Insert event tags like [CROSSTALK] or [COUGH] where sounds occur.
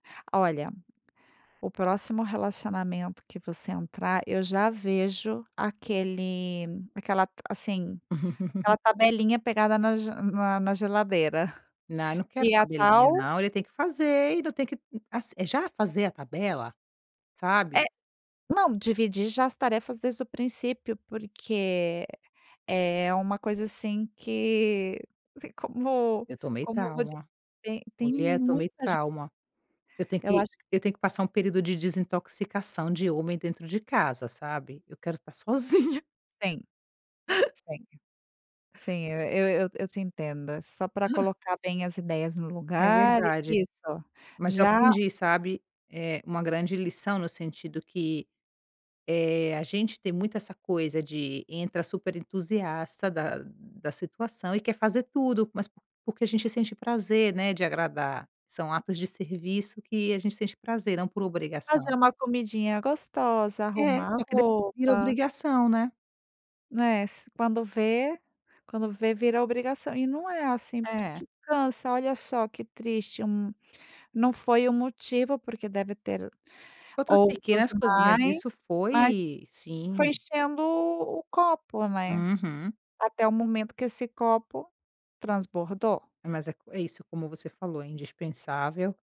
Olha, o próximo relacionamento que você entrar, eu já vejo aquele aquela, assim, aquela [LAUGHS] tabelinha pegada na g na na geladeira, Na não quero dia tabelinha tal não, ele tem que fazer, e não tem que ass já fazer a tabela, sabe? É não, dividir já as tarefas desde o princípio, porque é é uma coisa assim que como Eu tomei como trauma, te tem mulher, tomei muita ge trauma, eu tenho Eu que acho eu tenho que passar um período de desintoxicação de homem dentro de casa, sabe? Eu quero estar sozinha. Sim. [UNINTELLIGIBLE] Sim, eu eu eu eu te entendo, só pra [CHUCKLES] colocar bem as ideias no É lugar, verdade, isso, mas eu já aprendi, sabe, eh, uma grande lição no sentido que, eh, a gente tem muito essa coisa de entra super entusiasta da da situação e quer fazer tudo, mas por porque a gente sente prazer, né, de agradar, são atos de serviço que a gente sente prazer, não por Fazer obrigação. uma comidinha gostosa, É, arrumar a só que depois vira roupa. obrigação, né? Né, se quando vê quando vê vira obrigação, e não é assim, É. porque cansa. Olha só que triste um não foi o motivo, porque deve ter Outras outros pequenas coisinhas, mais, isso mas foi foi sim. enchendo o copo, né. Uhum. Até o momento que esse copo transbordou. Mas é co é isso como você falou, é indispensável.